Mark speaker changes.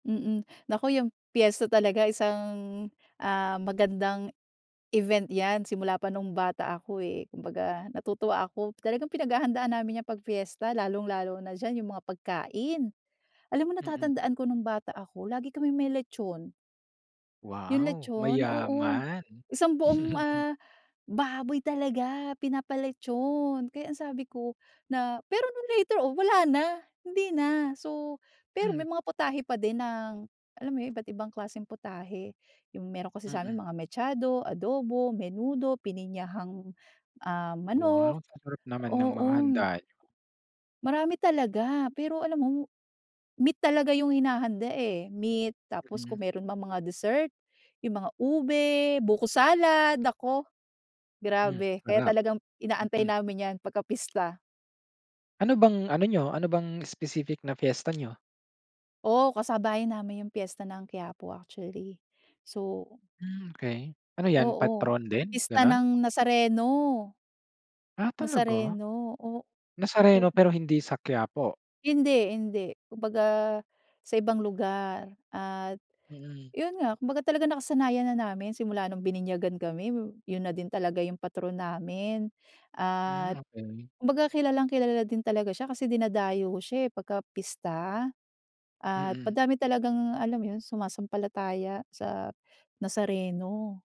Speaker 1: Mm. Naku, yang piyesta talaga isang ah, magandang event 'yan, simula pa nung bata ako, eh. Kumbaga, natutuwa ako talagang pinaghahandaan namin 'yan 'pag fiesta, lalung-lalo na diyan yung mga pagkain. Alam mo,
Speaker 2: Mm.
Speaker 1: natatandaan ko nung bata ako, lagi kaming may lechon. Yung
Speaker 2: Wow,
Speaker 1: lechon, oo,
Speaker 2: mayaman.
Speaker 1: isang buong, ah, baboy talaga pinapa-lechon! Kaya ang sabi ko na pero nung later on, wala na, hindi na. So, pero
Speaker 2: Hmm.
Speaker 1: may mga putahe pa din ng alam mo yun, iba't ibang klaseng putahe. Yung, meron kasi sa'min,
Speaker 2: Mm.
Speaker 1: mga mechado, adobo, menudo, pininyahang ah,
Speaker 2: Wow,
Speaker 1: manok.
Speaker 2: ang sarap naman ng mga
Speaker 1: Oo.
Speaker 2: handa niyo.
Speaker 1: Marami talaga! Pero, alam mo, meat talaga yung hinahanda, eh, meat tapos kung
Speaker 2: Hmm.
Speaker 1: meron mang mga dessert, yung mga ube, buko salad. Naku,
Speaker 2: Hmm,
Speaker 1: grabe! Kaya,
Speaker 2: sarap.
Speaker 1: talagang inaantay
Speaker 2: Mm.
Speaker 1: namin 'yan pagka-pista.
Speaker 2: Ano bang, ano niyo ano bang, specific na fiesta niyo?
Speaker 1: Oh, kasabayan namin yung piyesta ng Quiapo actually, so
Speaker 2: Mm, okey, ano yan?
Speaker 1: Oo,
Speaker 2: Patron din,
Speaker 1: pista
Speaker 2: gano'n?
Speaker 1: ng Nazareno.
Speaker 2: Ah, talaga!
Speaker 1: Nazareno. O o.
Speaker 2: Nazareno, pero hindi sa Quiapo.
Speaker 1: Hindi hindi, kumbaga sa ibang lugar. At
Speaker 2: Mm.
Speaker 1: yun nga, kumbaga talagang nakasanayan na namin simula nung bininyagan kami, yun na din talaga yung patron namin.
Speaker 2: Mm,
Speaker 1: At
Speaker 2: okey.
Speaker 1: kumbaga, kilalang-kilala din talaga siya kasi dinadayo siya, eh, pagka-pista at
Speaker 2: Mm.
Speaker 1: madami talagang, alam mo yun sumasampalataya sa Nazareno.